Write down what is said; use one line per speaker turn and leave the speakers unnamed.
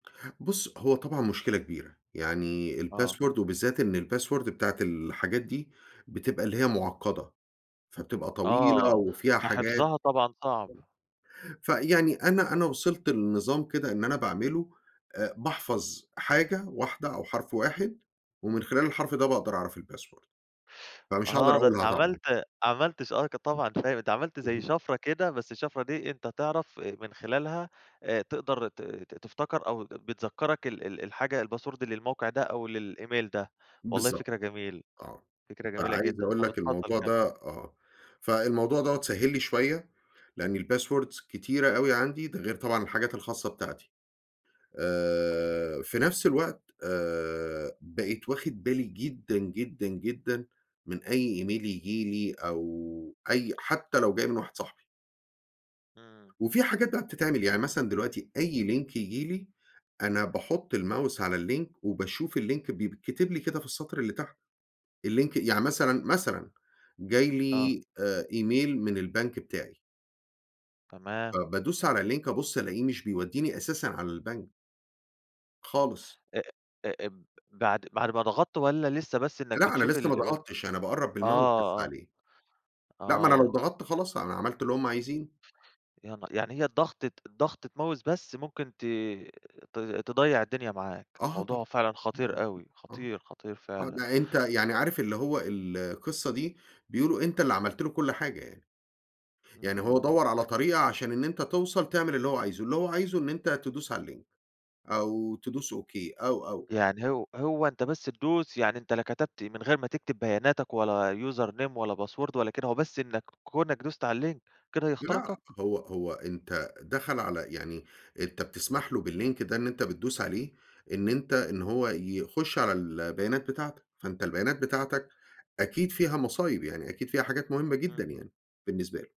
بُص، هو طبعًا مشكلة كبيرة. يعني
آه.
الpassword وبالذات إن الpassword بتاعة الحاجات دي بتبقى اللي هي معقدة. فبتبقى طويلة
آه،
وفيها حاجات.
فحِفْظها طبعًا صعب.
فيعني أنا أنا وصلت لنظام كده إن أنا باعمله آآ، باحفظ حاجة واحدة أو حرف واحد، ومن خلال الحرف ده باقدر أعرف الpassword. فمش هاقدر
آه، ده أنت
أقولها طبعًا.
عملت عملت ش آه ك طبعًا فاهم عملت زي
اهم.
شفرة كده، بس الشفرة دي أنت تعرف آآ، من خلالها آآ تقدر ت-ت تفتكر أو بتذكرك ال ال الحاجة الpassword للموقع ده أو للemail ده. والله
بالضبط.
فكرة جميلة،
آه.
فكرة جميلة
فعايز
جدًا.
أقول
طب
لك
اتفضل
الموضوع
كَمّل.
ده آه. فالموضوع دوّة سهِّل لي شوية لأن الpasswords كتيرة أوي عندي. ده غير طبعًا الحاجات الخاصة بتاعتي. آآ، في نفس الوقت آآ، بقيت واخد بالي جدًا، جدًا، جدًا، من أي email ييجي لي أو أي حتّى لو جاي من واحد صاحبي.
امم.
وفي حاجات بقي بتتعمل، يعني مثلًا دلوقتي أي link يجيلي أنا باحط الmouse على الlink وباشوف الlink بيتكتب لي كده في السطر اللي تحت الlink يعني مثلًا، مثلًا جاي
آه.
لي آآ، email من البنك بتاعي.
تمام.
فبادوس على الlink أبص ألاقيه مش بيوديني أساسًا على البنك. خالص.
أ أ أب بعد بعد ما ضغطت والّا لسّه بس إنّك
لأ أنا
بتشوف
لسه ما
ال
ضغطتش. أنا باقرب بالmouse بس
آه، آه.
عليه. لأ ما أنا لو
آه.
ضغطت خلاص أنا عملت اللي هُم عايزينه.
يا ن يعني هي الضغطة الضغطة mouse بس ممكن ت ت تضيّع الدنيا معاك.
آه طبعًا.
الموضوع فعلًا خطير
[unintelligible]
أوي،
آه.
خطير، خطير
آه
فعلًا.
ده أنت يعني عارف اللي هو القصّة دي بيقولوا أنت اللي عملت له كل حاجة يعني. يعني هو
امم.
دوّر على طريقة عشان إن أنت توصل تعمل اللي هو عايزه. اللي هو عايزه إن أنت تدوس على الlink أو تدوس OK أو، أو
يعني هو هو أنت بس تدوس يعني أنت لا كتبت من غير ما تكتب بياناتك ولا username ولا password ولا كده هو بس إنّك كونك دوست على الlink كده
لأ
يخترقك؟
هو هو أنت دخل على يعني أنت بتسمح له بالlink ده إن أنت بتدوس عليه إن أنت إن هو يخش على البيانات بتاعتك. فأنت البيانات بتاعتك أكيد فيها مصايب. يعني أكيد فيها حاجات مهمة جدًا
امم.
يعني بالنسبة له.